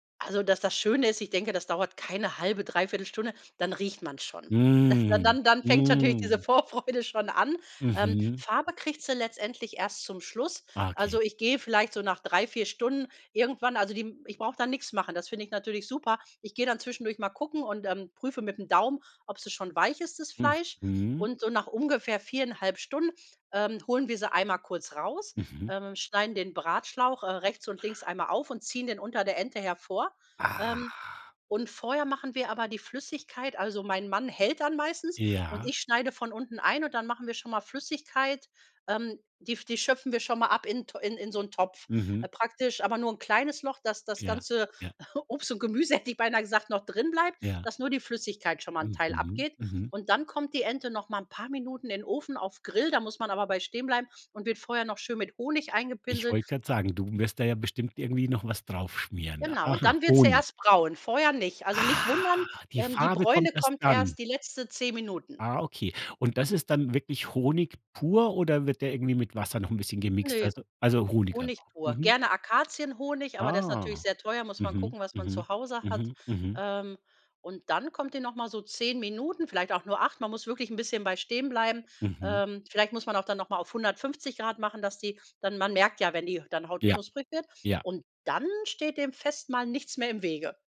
Also, das das Schöne ist, ich denke, das dauert keine 1/2, 3/4 Stunde, dann riecht man's schon. Das dann Mm. dann dann fängt natürlich diese Mm. Vorfreude schon an, ähm, Mhm. Farbe kriegt sie letztendlich erst zum Schluss. Ah. Okay. Also ich gehe vielleicht so nach 3, 4 Stunden irgendwann also die ich brauche da nix machen, das finde ich natürlich super. Ich gehe dann zwischendurch mal gucken und, ähm, prüfe mit'm Daumen, ob sie schon weich ist, das Hm, Fleisch mhm. und so nach ungefähr 4 1/2 Stunden, ähm, holen wir sie einmal kurz raus, Mhm. äh, schneiden den Bratschlauch, äh, rechts und links einmal auf und ziehen den unter der Ente hervor, ähm, Ah. und vorher machen wir aber die Flüssigkeit also mein Mann hält dann meistens und Ja. ich schneide von unten ein und dann machen wir schon mal Flüssigkeit ähm, die die schöpfen wir schon mal ab in T in in so 'n Topf, Mhm. äh, praktisch aber nur kleines Loch, dass das Ja. ganze Ja. Obst und Gemüse hätte ich beinah gesagt, noch drinbleibt, Ja. dass nur die Flüssigkeit schon mal 'n Teil Mhm. abgeht. Mhm. Und dann kommt die Ente noch mal 'n paar Minuten in 'n Ofen auf Grill, da muss man aber bei stehen bleiben und wird vorher noch schön mit Honig Ich eingepinselt. wollte grad sagen, du wirst da ja bestimmt irgendwie noch was drauf schmieren. Genau, und Aha, dann wird sie Honig. erst braun, vorher nicht. Also nicht Ah, wundern, die ähm, die Farbe Bräune kommt erst kommt dann. erst die letzte 10 Minuten. Ah, okay, und das ist dann wirklich Honig pur oder wird der irgendwie mit Wasser noch 'n bisschen gemixt, Ne, weißt du also Honig einfach. Honig pur, Mhm. gerne Akazienhonig, aber der ist natürlich Ah. sehr teuer, muss man Mhm. gucken, was man Mhm. zu Hause hat, Mhm. Mhm. ähm, und dann kommt die noch mal so 10 Minuten vielleicht auch nur 8, man muss wirklich 'n bisschen bei stehen bleiben, Mhm. ähm, vielleicht muss man auch dann noch mal auf 150 C machen, dass die dann man merkt ja, wenn die dann Haut Ja, knusprig wird, ja. und dann steht dem Festmahl nichts mehr im Wege.